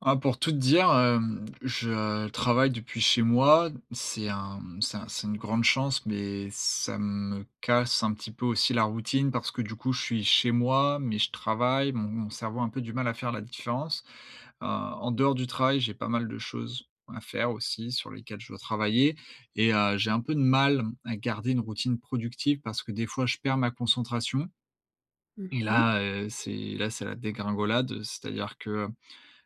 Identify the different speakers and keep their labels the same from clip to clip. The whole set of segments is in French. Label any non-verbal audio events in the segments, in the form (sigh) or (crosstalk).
Speaker 1: Ah, pour tout te dire, hem, je travaille depuis chez moi. C'est un, mmh, c'est un c'est une grande chance, mais ça me casse un petit peu aussi la routine parce que du coup, je suis chez moi, mais je travaille, mon mon cerveau a un peu du mal à faire la différence. Heu, en dehors du travail, j'ai pas mal de choses à faire aussi sur lesquelles je dois travailler et heu, j'ai un peu de mal, m à garder une routine productive, parce que des fois je perds ma concentration.
Speaker 2: Mmh
Speaker 1: Et
Speaker 2: mh.
Speaker 1: là, heu, c'est, là, c'est la dégringolade, heu, c'est-à-dire que,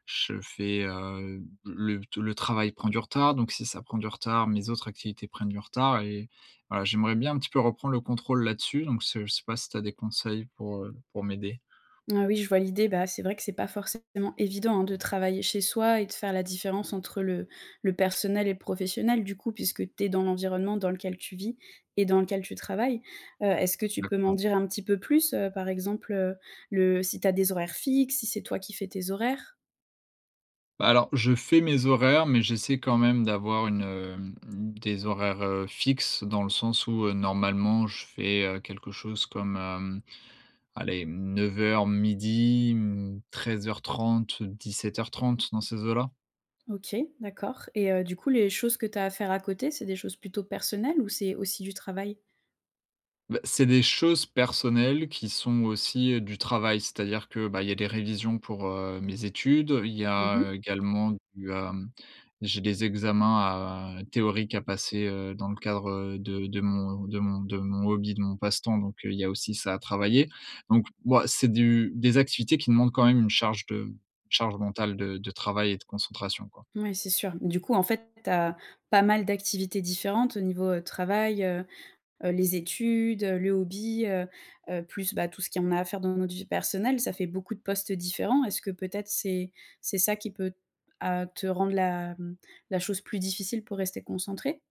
Speaker 1: je fais heu, le t le travail prend du retard, donc si ça prend du retard, mes autres activités prennent du retard et voilà, j'aimerais bien un petit peu reprendre le contrôle là-dessus. Donc, se, je sais pas si tu as des conseils pour, heu, pour m'aider?
Speaker 2: Ah oui, je vois l'idée. Bah, c'est vrai que c'est pas forcément évident, hein, de travailler chez soi et de faire la différence entre le le personnel et le professionnel du coup, puisque tu es dans l'environnement dans lequel tu vis et dans lequel tu travailles. Heu, est-ce que tu peux m'en
Speaker 1: D'accord.
Speaker 2: dire un petit peu plus, heu, par exemple, heu, le si tu as des horaires fixes, si c'est toi qui fais tes horaires?
Speaker 1: Bah alors, je fais mes horaires, mais j'essaie quand même d'avoir une, hem, mmh, des horaires, heu, fixes dans le sens où, heu, normalement, je fais, heu, quelque chose comme, hem, allez, 9:00-12:00, mmh, 13:30-17:30, dans ces eaux-là.
Speaker 2: OK, d'accord. Et, heu, du coup les choses que tu as à faire à côté c'est des choses plutôt personnelles ou c'est aussi du travail?
Speaker 1: Bah, c'est des choses personnelles, qui sont aussi du travail. C'est-à-dire que, bah, il y a des révisions pour, heu, mes études, il y
Speaker 2: Mmh
Speaker 1: a
Speaker 2: mh.
Speaker 1: également du, hem, j'ai des examens à théoriques à passer, heu, dans le cadre, heu, de de mon, heu, de mon de mon hobby, de mon passe-temps, donc, heu, il y a aussi ça à travailler. Donc, bah, c'est du des activités qui demandent quand même une charge de charge mentale, de de travail et de concentration quoi.
Speaker 2: Mouais, c'est sûr, du coup, en fait, tu as pas mal d'activités différentes au niveau, heu, travail, heu, heu, les études, heu, le hobby, heu, heu, plus, bah, tout ce qu'il y en a à faire dans notre vie personnelle, ça fait beaucoup de postes différents. Est-ce que peut-être c'est c'est ça qui peut, à te rendre la, mmh, la chose plus difficile pour rester concentré?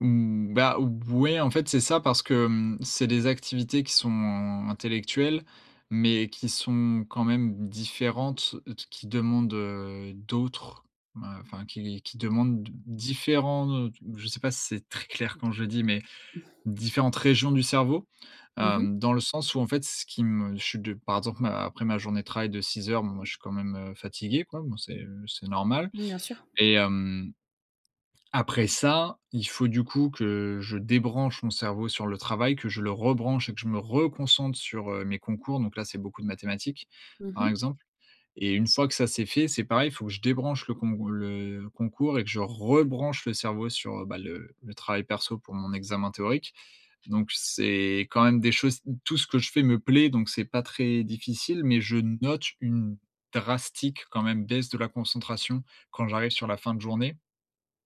Speaker 1: Mmh, bah, ou b ouais, en fait, c'est ça, parce que, mmh, c'est des activités qui sont in intellectuelles, mais qui sont quand même différentes, heu, t qui demandent, heu, d'autres, ben, enfin, qui qui demandent d différents, heu, t je sais pas si c'est très clair quand je le dis, mais
Speaker 2: (chuckles)
Speaker 1: différentes régions du cerveau,
Speaker 2: Mmh mh.
Speaker 1: hem, dans le sens où, en fait, ce qui me je suis de par exemple, ma après ma journée de travail de 6 heures, bon moi, je suis quand même, heu, fatigué, quoi, bon c'est, heu, c'est normal
Speaker 2: Mmh, bien sûr.
Speaker 1: et hem, après ça, il faut du coup, que je débranche mon cerveau sur le travail, que je le rebranche et que je me reconcentre sur, heu, mes concours. Donc là, c'est beaucoup de mathématiques,
Speaker 2: Mmh
Speaker 1: par
Speaker 2: mh.
Speaker 1: exemple et une fois que ça, c'est fait, c'est pareil, il faut que je débranche le cong le concours et que je rebranche le cerveau sur, heu bah, le le travail perso pour mon examen théorique. Donc, c'est quand même des choses tout ce que je fais me plaît, donc c'est pas très difficile, mais je note une drastique, quand même baisse de la concentration quand j'arrive sur la fin de journée.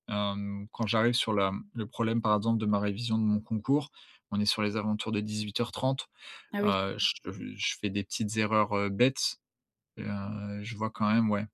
Speaker 1: Hem, quand j'arrive sur la mmh, le problème, par exemple, de ma révision de mon concours, on est sur les alentours de 18:30.
Speaker 2: Ah oui.
Speaker 1: Heu, je f heu, je fais des petites erreurs, heu, bêtes et, heu, je vois quand même ouais,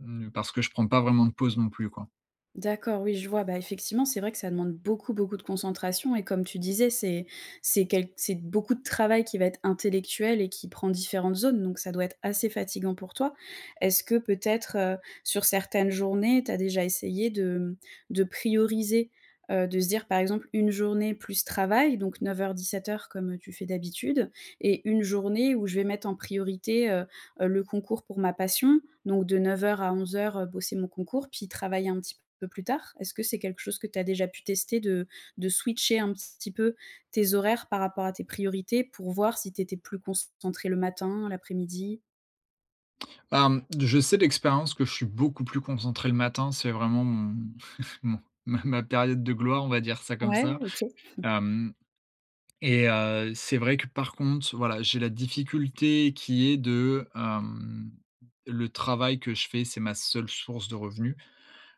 Speaker 1: mmh, parce que je prends pas vraiment de pause non plus, quoi.
Speaker 2: D'accord. Oui, je vois, bah, effectivement, c'est vrai que ça demande beaucoup, beaucoup de concentration et comme tu disais, c'est c'est quelque c'est beaucoup de travail qui va être intellectuel et qui prend différentes zones, donc ça doit être assez fatigant pour toi. Est-ce que peut-être, heu, sur certaines journées, tu as déjà essayé de, mmh, de prioriser, heu, de se dire, par exemple, une journée plus travail, donc 9:00-17:00 comme, heu, tu fais d'habitude et une journée où je vais mettre en priorité, heu, heu, le concours pour ma passion, donc de 9:00 à 11:00, heu, bosser mon concours puis travailler un petit peu plus tard? Est-ce que c'est quelque chose que tu as déjà pu tester de de switcher un petit peu tes horaires par rapport à tes priorités, pour voir si tu étais plus concentré le matin, l'après-midi?
Speaker 1: Bah, mmh, je sais d'expérience que je suis beaucoup plus concentré le matin. C'est vraiment, mon (chuckles) mon ma ma période de gloire, on va dire ça comme ça.
Speaker 2: Ouais, OK. (chuckles)
Speaker 1: Hem. Et, heu, c'est vrai que, par contre, voilà, j'ai la difficulté qui est de, hem, le travail que je fais, c'est ma seule source de revenus.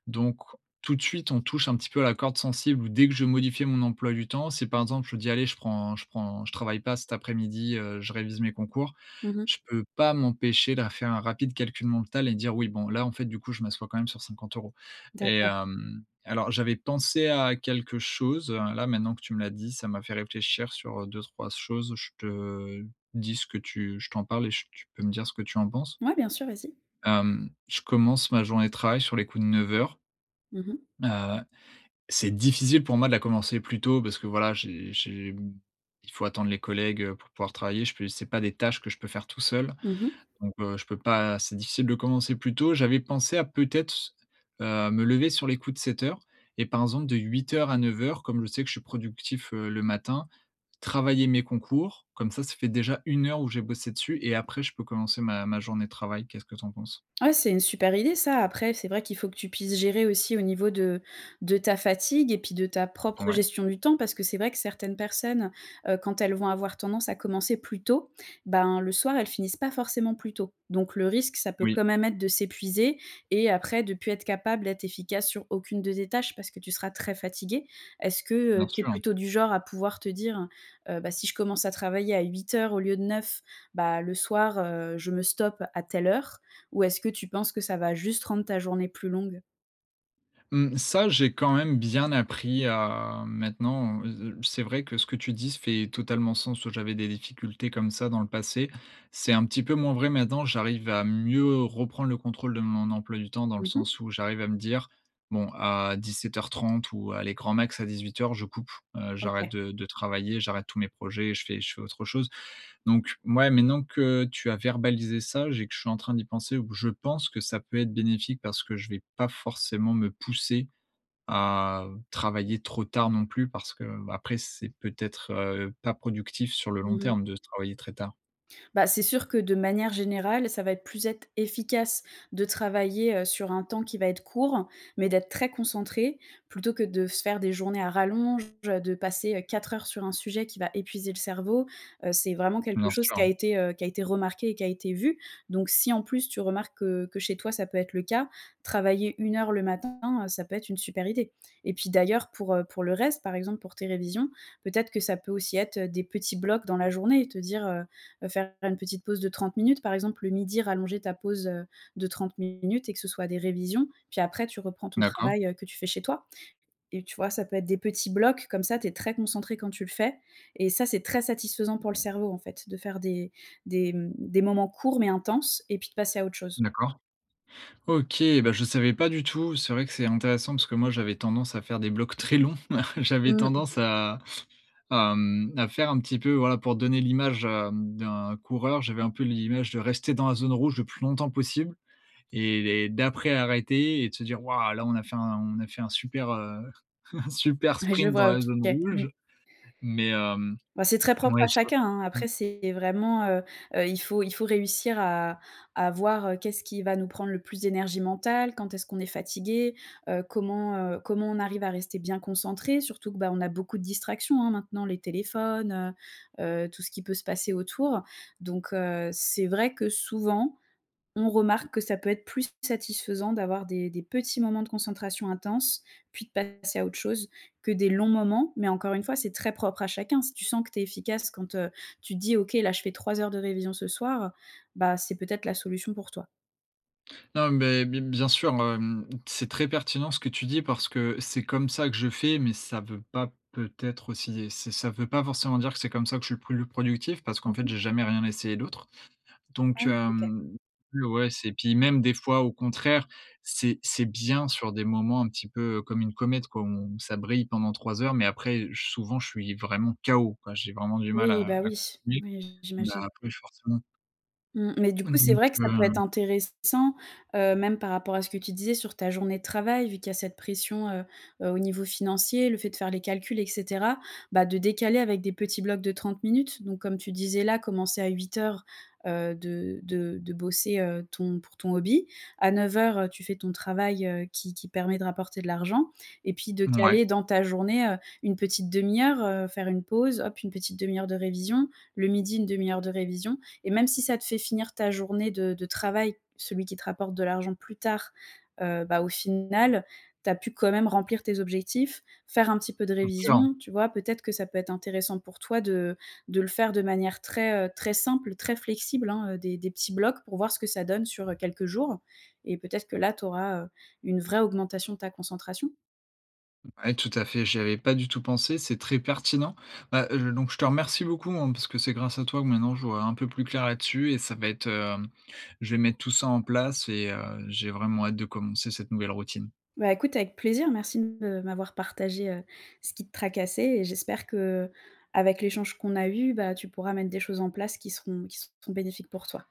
Speaker 1: Donc, tout de suite, on touche un petit peu à la corde sensible où, dès que je vais modifier mon emploi du temps, c'est par exemple, je dis: «Allez, je prends je prends, je travaille pas cet après-midi, heu, je révise mes concours»,
Speaker 2: Mmh mh.
Speaker 1: je peux pas m'empêcher de faire un rapide calcul mental et dire: «Oui, bon, là, en fait, du coup, je m'assois quand même sur 50€» et
Speaker 2: D'accord.
Speaker 1: hem, alors, j'avais pensé à quelque chose, heu, là, maintenant que tu me l'as dit, ça m'a fait réfléchir sur, heu, 2-3 s choses, je te dis ce que tu je t'en parle et j tu peux me dire ce que tu en penses?
Speaker 2: Ouais, bien sûr, vas-y.
Speaker 1: Hem, je commence ma journée de travail sur les coups de 9:00
Speaker 2: Mmh mh.
Speaker 1: heu, c'est difficile pour moi de la commencer plus tôt parce que, voilà, j'ai j'ai, mmh, il faut attendre les collègues, heu, pour pouvoir travailler. Je peux c'est pas des tâches que je peux faire tout seul.
Speaker 2: Mmh mh.
Speaker 1: Donc, heu, je peux pas c'est difficile de commencer plus tôt. J'avais pensé à, peut-être, s heu, me lever sur les coups de 7:00 et par exemple, de 8:00 à 9:00, comme je sais que je suis productif, heu, le matin, travailler mes concours, comme ça, ça fait déjà 1 heure où j'ai bossé dessus et, après, je peux commencer ma ma journée de travail. Qu'est-ce que tu en penses?
Speaker 2: Ah, c'est une super idée, ça. Après, c'est vrai qu'il faut que tu puisses gérer aussi au niveau de de ta fatigue et puis de ta propre
Speaker 1: Ouais.
Speaker 2: gestion du temps parce que c'est vrai que certaines personnes, heu, quand elles vont avoir tendance à commencer plus tôt, ben, le soir, elles finissent pas forcément plus tôt, donc le risque, ça peut
Speaker 1: Oui.
Speaker 2: quand même être de s'épuiser et après, de plus être capable d'être efficace sur aucune de tes tâches parce que tu seras très fatigué. Est-ce que,
Speaker 1: Bien
Speaker 2: heu, tu es
Speaker 1: sûr.
Speaker 2: plutôt du genre à pouvoir te dire, heu: «Bah, si je commence à travailler à 8:00 au lieu de 9, bah, le soir, heu, je me stoppe à telle heure», ou est-ce que tu penses que ça va juste rendre ta journée plus longue?
Speaker 1: Mmh. Ça, j'ai quand même bien appris à, maintenant, heu, heu, c'est vrai que ce que tu dis s fait totalement sens où j'avais des difficultés comme ça dans le passé, c'est un petit peu moins vrai maintenant, j'arrive à mieux reprendre le contrôle de mon emploi du temps dans le
Speaker 2: Mmh mh.
Speaker 1: sens où j'arrive à me dire: «Bon, à 17:30, ou, allez, grand max à 18:00, je coupe, heu, j'arrête
Speaker 2: OK.
Speaker 1: de de travailler, j'arrête tous mes projets, et je fais je fais autre chose». Donc, mouais, maintenant que tu as verbalisé, ça, j'ai que je suis en train d'y penser, ou je pense que ça peut être bénéfique parce que je vais pas forcément me pousser à travailler trop tard non plus parce que, b après, c'est peut-être, heu, pas productif sur le long
Speaker 2: Mmh mh.
Speaker 1: terme de travailler très tard.
Speaker 2: Bah, c'est sûr que de manière générale, ça va être plus être efficace de travailler, heu, sur un temps qui va être court, mais d'être très concentré plutôt que de se faire des journées à rallonge, heu, de passer, heu, 4 heures sur un sujet qui va épuiser le cerveau, heu, c'est vraiment quelque
Speaker 1: Bien
Speaker 2: chose
Speaker 1: sûr,
Speaker 2: qui a
Speaker 1: hein.
Speaker 2: été, heu, qui a été remarqué et qui a été vu, donc, si, en plus, tu remarques que que chez toi, ça peut être le cas, travailler 1 heure le matin, heu, ça peut être une super idée. Et puis, d'ailleurs, pour, heu, pour le reste, par exemple, pour tes révisions, peut-être que ça peut aussi être, heu, des petits blocs dans la journée et te dire, heu, heu, faire une petite pause de 30 minutes, par exemple, le midi, rallonger ta pause, heu, de 30 minutes et que ce soit des révisions, puis, après, tu reprends ton
Speaker 1: D'accord.
Speaker 2: travail, heu, que tu fais chez toi. Et, tu vois, ça peut être des petits blocs comme ça, tu es très concentré quand tu le fais et ça, c'est très satisfaisant pour le cerveau, en fait, de faire des des, mmh, des moments courts mais intenses, et puis de passer à autre chose.
Speaker 1: D'accord. OK, bah, je savais pas du tout. C'est vrai que c'est intéressant parce que moi, j'avais tendance à faire des blocs très longs. (chuckles) J'avais tendance,
Speaker 2: Mmh.
Speaker 1: à à, mmh, à faire un petit peu, voilà, pour donner l'image, hem, d'un coureur, j'avais un peu l'image de rester dans la zone rouge le plus longtemps possible et et d'après, arrêter et de se dire: «Waouh, là, on a fait un on a fait un super, heu, un super
Speaker 2: Ouais, je
Speaker 1: sprint dans
Speaker 2: vois, OK,
Speaker 1: la zone
Speaker 2: mmh.
Speaker 1: rouge», mais, hem,
Speaker 2: Bah, c'est très propre à
Speaker 1: ouais, (unintelligible)
Speaker 2: chacun, hein.
Speaker 1: mmh.
Speaker 2: Après, c'est vraiment, heu, heu, il faut il faut réussir à à voir, heu, qu'est-ce qui va nous prendre le plus d'énergie mentale? Quand est-ce qu'on est fatigué? Heu, comment, heu, comment on arrive à rester bien concentré? Surtout que, bah, on a beaucoup de distractions, hein, maintenant les téléphones, heu, heu, tout ce qui peut se passer autour. Donc, heu, c'est vrai que, souvent, on remarque que ça peut être plus satisfaisant d'avoir des des petits moments de concentration intense puis de passer à autre chose que des longs moments. Mais, encore une fois, c'est très propre à chacun, si tu sens que tu es efficace quand, heu, tu te dis: «OK, là, je fais 3 heures de révision ce soir», bah, c'est peut-être la solution pour toi.
Speaker 1: Ah, mais, bi bien sûr, hem, c'est très pertinent ce que tu dis parce que c'est comme ça que je fais, mais ça veut pas, peut-être aussi et ç ça veut pas forcément dire que c'est comme ça que je suis plus le productif parce qu'en
Speaker 2: Mmh
Speaker 1: fait,
Speaker 2: mh.
Speaker 1: j'ai jamais rien essayé d'autre.
Speaker 2: Ah,
Speaker 1: Donc,
Speaker 2: oui OK.
Speaker 1: hem, l ouais c'est, puis même, des fois, au contraire, c'est c'est bien sur des moments un petit peu, heu, comme une comète, quoi, on ça brille pendant 3 heures, mais, après, heu, ch souvent, je suis vraiment K.O. quoi, j'ai vraiment du mal
Speaker 2: Oui,
Speaker 1: à
Speaker 2: bah,
Speaker 1: à
Speaker 2: oui.
Speaker 1: continuer.
Speaker 2: Ouais, j'i
Speaker 1: Bah,
Speaker 2: j'imagine.
Speaker 1: après ch forcément.
Speaker 2: Mmh, mais du
Speaker 1: Et
Speaker 2: coup, c'est
Speaker 1: donc
Speaker 2: vrai que ça peut être
Speaker 1: heu
Speaker 2: intéressant, heu, même par rapport à ce que tu disais sur ta journée de travail vu qu'il y a cette pression, heu, heu, au niveau financier, le fait de faire les calculs, et cetera, bah, de décaler avec des petits blocs de 30 minutes. Donc, comme tu disais là, commencer à 8:00, heu, de de de bosser, heu, ton pour ton hobby, à 9:00, heu, tu fais ton travail, heu, qui qui permet de rapporter de l'argent et puis de
Speaker 1: Mouais.
Speaker 2: caler dans ta journée, heu, une petite 1/2 heure, heu, faire une pause, hop! Une petite 1/2 heure de révision. Le midi, 1/2 heure de révisions. Et même si ça te fait finir ta journée de de travail- celui qui te rapporte de l'argent- plus tard, heu, bah, au final, tu as pu quand même remplir tes objectifs. Faire un petit peu de
Speaker 1: Bien sûr.
Speaker 2: révisions, tu vois, peut-être que ça peut être intéressant pour toi de de le faire de manière très, heu, très simple, très flexible, hein? Heu, des des petits blocs pour voir ce que ça donne sur, heu, quelques jours et peut-être que là, tu auras, heu, une vraie augmentation de ta concentration.
Speaker 1: Ouais. Tout à fait, j'y avais pas du tout pensé, c'est très pertinent. Bah, heu, je donc je te remercie beaucoup, hein, parce que c'est grâce à toi que maintenant je vois un peu plus clair là-dessus. Et ça va être, hem je vais mettre tout ça en place et, heu, j'ai vraiment hâte de commencer cette nouvelle routine.
Speaker 2: Bah, écoute avec plaisir. Merci de m'avoir partagé, heu, ce qui te tracassait et j'espère qu'avec l'échange qu'on a eu, bah, tu pourras mettre des choses en place qui seront qui seront bénéfiques pour toi.